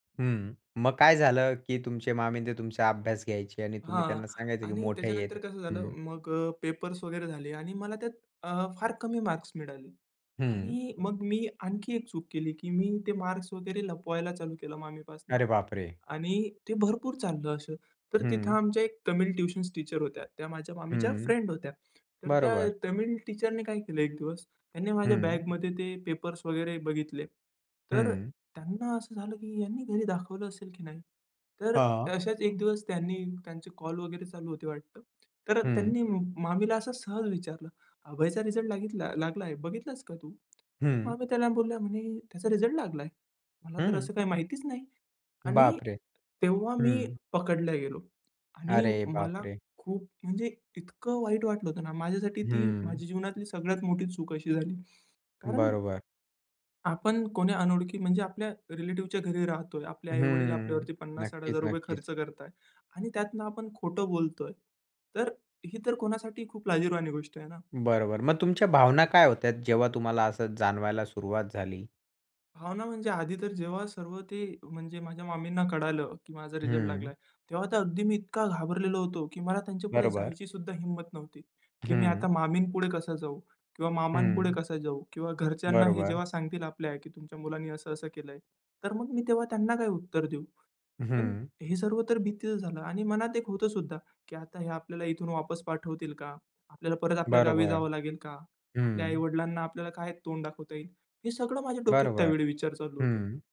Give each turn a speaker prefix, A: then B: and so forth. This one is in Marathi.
A: हं, मग काय झालं, की तुमचे मामी ते तुमचा अभ्यास घ्यायचे आणि तुम्ही
B: हां.
A: त्यांना सांगायचं की
B: आणि
A: मोठे आहेत
B: त्याच्यानंतर कसं झालं
A: हं.
B: मग अ, पेपर्स वगैरे झाले आणि मला त्यात अ, फार कमी मार्क्स मिळाले
A: हं.
B: आणि मग मी आणखी एक चूक केली, की मी ते मार्क्स वगैरे लपवायला चालू केलं मामीपासनं
A: अरे बाप रे!
B: आणि ते भरपूर चाललं असं. तर तिथं
A: हं.
B: आमच्या एक तमिळ ट्युशन्स टीचर होत्या. त्या माझ्या मामीच्या
A: हं,
B: फ्रेंड होत्या. तर त्या
A: बरोबर.
B: तमिळ टीचरने काय केलं एक दिवस, त्यांनी माझ्या
A: हं.
B: बॅगमध्ये ते पेपर्स वगैरे बघितले. तर अ,
A: हं.
B: त्यांना असं झालं, की ह्याने घरी दाखवलं असेल की नाही? तर
A: हां.
B: अ, अशाच एक दिवस त्यांनी त्यांचे कॉल वगैरे चालू होते वाटतं. तर
A: हं.
B: त्यांनी मामीला असं सहज विचारलं, "अभयचा रिझल्ट लागितला लागलाय बघितलास का तू?" तर
A: हं.
B: मामी त्यांना बोलल्या म्हणे, "त्याचा रिझल्ट लागला? मला तर
A: हं.
B: असं काही माहितीच नाही." आणि
A: बाप रे!
B: तेव्हा मी
A: हं.
B: पकडला गेलो आणि
A: अरे बाप
B: मला
A: रे!
B: खूप म्हणजे इतकं वाईट वाटलं होतं ना, माझ्यासाठी ती
A: हं.
B: माझ्या जीवनातली सगळ्यात मोठी चूक अशी झाली. कारण
A: बरोबर.
B: आपण कोणी अनोळखी म्हणजे आपल्या रिलेटिव्हच्या घरी राहतोय. आपल्या आई-वडील
A: हम्म.
B: आपल्यावरती पन्नास साठ हजार
A: नक्कीच,
B: रुपये
A: नक्कीच.
B: खर्च करतायत आणि त्यातनं आपण खोटं बोलतोय. तर ही तर कोणासाठी खूप लाजिरवाणी गोष्ट आहे ना.
A: बरोबर. मग तुमच्या भावना काय होत्यात, जेव्हा तुम्हाला असं जाणवायला सुरुवात झाली?
B: भावना म्हणजे आधी तर जेव्हा सर्व ते म्हणजे माझ्या मामींना कळालं, की माझा रिझल्ट
A: हं.
B: लागला, तेव्हा तर अगदी मी इतका घाबरलेलो होतो, की मला त्यांच्यापुढे
A: बरोबर.
B: जायची सुद्धा हिम्मत नव्हती, की मी
A: हं.
B: आता मामीपुढे कसा जाऊ किंवा
A: हं.
B: मामांपुढे कसा जाऊ किंवा घरच्यांना हे
A: बरोबर.
B: जेव्हा सांगतील आपल्या, की "तुमच्या मुलांनी असं-असं केलंय." तर मग मी तेव्हा त्यांना काय उत्तर देऊ. पण
A: हं.
B: हे सर्व तर भीतीच झालं आणि मनात एक होतं सुद्धा, की आता हे आपल्याला इथून वापस पाठवतील का? आपल्याला परत आपल्या गावी
A: बरोबर,
B: जावं लागेल का? आपल्या
A: हं.
B: आई-वडिलांना आपल्याला काय तोंड दाखवता येईल? हे सगळं माझ्या डोक्यात
A: बरोबर,
B: त्यावेळी विचार चालू होते.
A: हं.